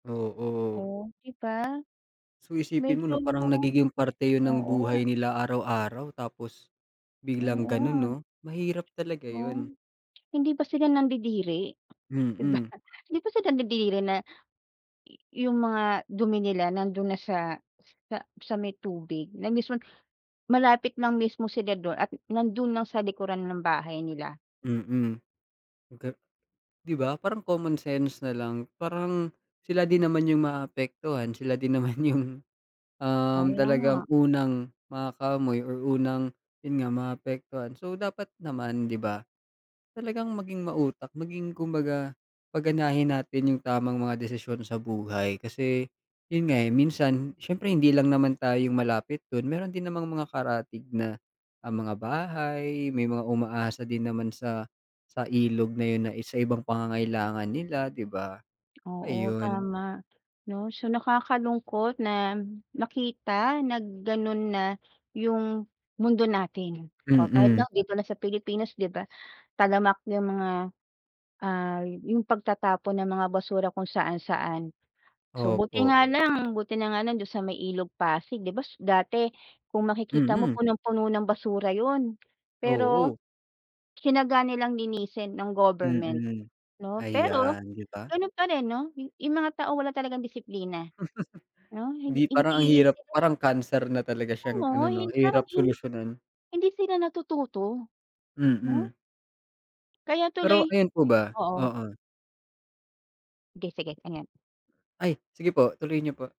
Oo. Oh, ‘di ba? So, isipin mo Medyo ‘no, parang nagiging parte 'yon ng buhay oo. nila araw-araw, tapos biglang Oo gano'n, nga. ‘no? Mahirap talaga Oh, 'yon. hindi ba sila nandidiri, ‘di ba? Mm. Hindi ba sila nandidiri na, yu yung mga dumi nila nando'n na sa sa sa may tubig, na mismon malapit lang mismo sila do'n, at nando'n lang sa likuran ng bahay nila. Mm. Baga ‘di ba, parang common sense na lang, parang sila din naman yung maapektuhan, sila din naman yung, um, Kaya talagang nga. unang makakaamoy or unang, 'yon nga, maapektuhan. So, dapat naman, ‘di ba, talagang maging mautak, maging, kumbaga, paganahin natin yung tamang mga desisyon sa buhay kasi, 'yon nga eh, minsan, siyempre hindi lang naman tayo yung malapit do'n, meron din namang mga karatig na ah, mga bahay. May mga umaasa din naman sa sa ilog na 'yon na sa ibang pangangailangan nila, ‘di ba? Oo, Ayun. tama, ‘no? So, nakakalungkot na makita, na gano'n na, yung mundo natin o kahit, Mm. ’no, dito lang sa Pilipinas, ‘di ba? Talamak yung mga, ah, yung pagtatapon ng mga basura kung saan-saan. So, buti Opo. nga lang buti na nga lang, do'n sa may Ilog Pasig, ‘di ba, s dati, kung makikita mo Mm. punong-puno ng basura 'yon. Pero, Oo. tyinaga nilang linisin, ng government, Mm. ‘no? Pero, Ayan, ‘di ba? gano'n pa rin ‘no, yu yung mga tao wala talagang disiplina, 'no? Hindi, ‘Di, parang, ang hindi hirap sila parang cancer na talaga Alam siyang ano, mo, ‘no? hin parang Hirap hin solusyonan. hindi sila natututo, ‘no? Mm. Kaya tuloy Pero, ayan po ba oo. oo. Sige, sige, ano yan? Ay, sige po. Tuloy niyo po.